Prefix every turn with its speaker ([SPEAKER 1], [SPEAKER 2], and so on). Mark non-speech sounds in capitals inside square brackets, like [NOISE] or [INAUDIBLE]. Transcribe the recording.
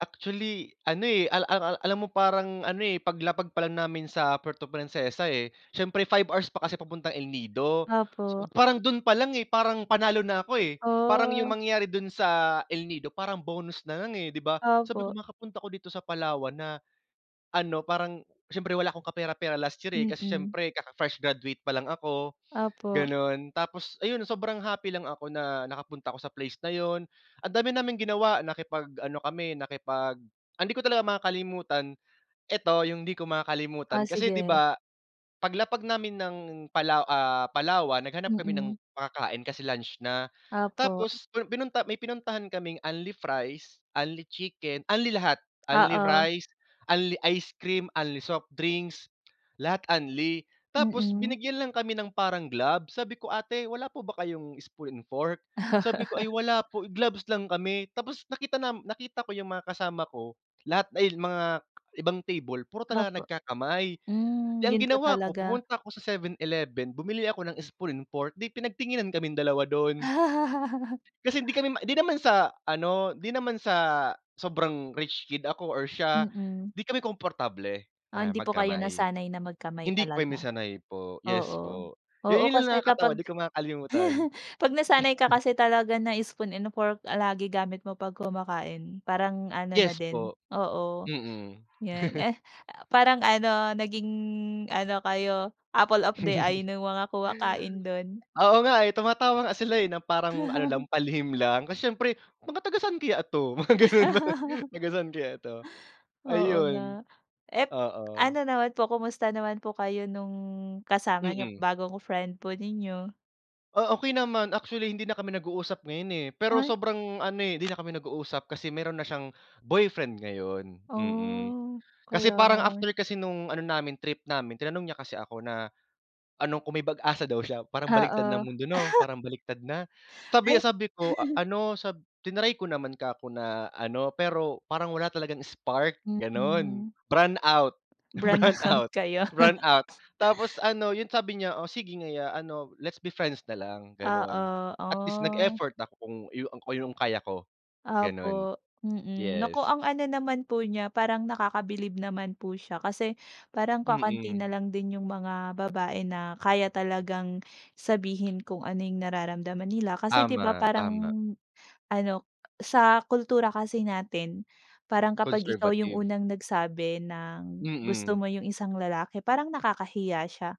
[SPEAKER 1] Actually, ano, eh, al al ang alam mo parang ano, eh, paglapag pa lang namin sa Puerto Princesa, eh, siyempre, 5 hours pa kasi papuntang El Nido. So,
[SPEAKER 2] Opo.
[SPEAKER 1] parang dun pa lang, eh, parang, panalo na ako, eh, parang yung
[SPEAKER 2] Oh.
[SPEAKER 1] mangyari dun sa El Nido, parang bonus na lang, eh, di ba? Sabi ko,
[SPEAKER 2] Opo.
[SPEAKER 1] makakapunta ako dito sa Palawan na ano, parang siyempre wala akong kapera-pera last year, eh, kasi
[SPEAKER 2] Mm.
[SPEAKER 1] siyempre kaka-fresh graduate pa lang ako,
[SPEAKER 2] Opo.
[SPEAKER 1] gano'n. Tapos ayun, sobrang happy lang ako na nakapunta ako sa place na 'yon. Ang dami naming ginawa, nakipag-ano kami, nakipag ang hindi ko talaga makakalimutan, eto, yung hindi ko
[SPEAKER 2] Ah,
[SPEAKER 1] makakalimutan kasi di
[SPEAKER 2] sige.
[SPEAKER 1] ba, paglapag namin ng Palaw ah, Palawan, naghanap kami ng
[SPEAKER 2] Mm.
[SPEAKER 1] makakain kasi lunch na.
[SPEAKER 2] Opo.
[SPEAKER 1] Tapos pu pinunta may pinuntahan kaming unli-fries, unli-chicken, unli lahat,
[SPEAKER 2] Oo.
[SPEAKER 1] unli-rice, unli-ice cream, unli-soft drinks, lahat unli. Tapos
[SPEAKER 2] Mm.
[SPEAKER 1] binigyan lang kami ng parang gloves, sabi ko, "Ate, wala po ba kayong spoon and fork?" Sabi po, "Ay
[SPEAKER 2] [LAUGHS]
[SPEAKER 1] wala po, gloves lang kami." Tapos nakita nam nakita ko yung mga kasama ko, lahat dahil mga ibang table, puro talaga
[SPEAKER 2] Opo.
[SPEAKER 1] nagkakamay.
[SPEAKER 2] Hmm,
[SPEAKER 1] Di ang
[SPEAKER 2] yun po
[SPEAKER 1] ginawa ko,
[SPEAKER 2] talaga.
[SPEAKER 1] pumunta ako sa 7-Eleven, bumili ako ng spoon and fork, 'di pinagtinginan kaming dalawa do'n.
[SPEAKER 2] [LAUGHS]
[SPEAKER 1] Kasi hindi kami ma di naman sa ano, di naman sa sobrang rich kid ako or siya,
[SPEAKER 2] Mm.
[SPEAKER 1] di kami komportable
[SPEAKER 2] Ah,
[SPEAKER 1] na
[SPEAKER 2] hindi po kayo
[SPEAKER 1] magkamay.
[SPEAKER 2] nasanay na magkamay
[SPEAKER 1] Hindi po kami
[SPEAKER 2] talaga.
[SPEAKER 1] sanay po. Yes
[SPEAKER 2] Oo.
[SPEAKER 1] po. Yun,
[SPEAKER 2] Oo,
[SPEAKER 1] yun
[SPEAKER 2] kasi
[SPEAKER 1] lang nakakatawa,
[SPEAKER 2] kapag
[SPEAKER 1] di ko makakalimutan.
[SPEAKER 2] [CHUCKLES] 'pag nasanay ka kasi talaga na spoon and fork lagi gamit mo 'pag kumakain, parang ano na
[SPEAKER 1] Yes
[SPEAKER 2] din
[SPEAKER 1] po.
[SPEAKER 2] oo,
[SPEAKER 1] Mm.
[SPEAKER 2] yun.
[SPEAKER 1] [CHUCKLES]
[SPEAKER 2] Eh, ah, parang ano, naging ano kayo, apple of the eye
[SPEAKER 1] [CHUCKLES]
[SPEAKER 2] nung mga kumakain do'n.
[SPEAKER 1] Oo, nga, eh, tumatawa nga sila, eh, na parang ano lang,
[SPEAKER 2] [CHUCKLES]
[SPEAKER 1] palihim lang, kasi siyempre, "Mga taga-saan kaya ito?" Mga ganun ba,
[SPEAKER 2] [CHUCKLES]
[SPEAKER 1] "Taga-saan kaya ito?"
[SPEAKER 2] Oo,
[SPEAKER 1] Ayon.
[SPEAKER 2] nga. Ep
[SPEAKER 1] Oo.
[SPEAKER 2] ano naman po, kamusta naman po kayo nung kasama niyo,
[SPEAKER 1] Mm.
[SPEAKER 2] bagong friend po ninyo?
[SPEAKER 1] Ah, okey naman. Actually hindi na kami nag-uusap ngayon, eh, pero
[SPEAKER 2] Ay!
[SPEAKER 1] sobrang ano, eh, hindi na kami nag-uusap kasi meron na siyang boyfriend ngayon, mm.
[SPEAKER 2] Oh,
[SPEAKER 1] Kasi
[SPEAKER 2] kaya.
[SPEAKER 1] parang after kasi nung ano namin, trip namin, tinanong niya kasi ako na ano, kung may pag-asa daw siya. Parang baliktad na
[SPEAKER 2] Oo.
[SPEAKER 1] ang mundo 'no?
[SPEAKER 2] [LAUGHS]
[SPEAKER 1] Parang baliktad na. Sabi,
[SPEAKER 2] Ay
[SPEAKER 1] ah, sabi ko a
[SPEAKER 2] [CHUCKLES]
[SPEAKER 1] ano sa triny ko naman kako na ano, pero parang wala talagang spark, gano'n.
[SPEAKER 2] Mm.
[SPEAKER 1] Brownout,
[SPEAKER 2] Brownout
[SPEAKER 1] brownout,
[SPEAKER 2] kayo. [LAUGHS]
[SPEAKER 1] brownout. Tapos ano, yun sabi niya "Oh, sige nga ya ano, Let's be friends na lang. gano'n."
[SPEAKER 2] Oo,
[SPEAKER 1] At least
[SPEAKER 2] ah!
[SPEAKER 1] nag-effort ako kung yu kung yung kaya ko, gano'n.
[SPEAKER 2] Opo, mm. Naku,
[SPEAKER 1] Yes.
[SPEAKER 2] ang ano naman po niya, parang nakakabilib naman po siya, kasi parang kakaunti
[SPEAKER 1] Mm.
[SPEAKER 2] na lang din yung mga babae na kaya talagang sabihin kung ano yung nararamdaman nila. Kasi, di ba,
[SPEAKER 1] Tama,
[SPEAKER 2] parang
[SPEAKER 1] tama.
[SPEAKER 2] ano sa kultura kasi natin, parang kapag ikaw yung
[SPEAKER 1] Conservative.
[SPEAKER 2] unang nagsabi ng gusto
[SPEAKER 1] Mm.
[SPEAKER 2] mo yung isang lalaki, parang nakakahiya siya.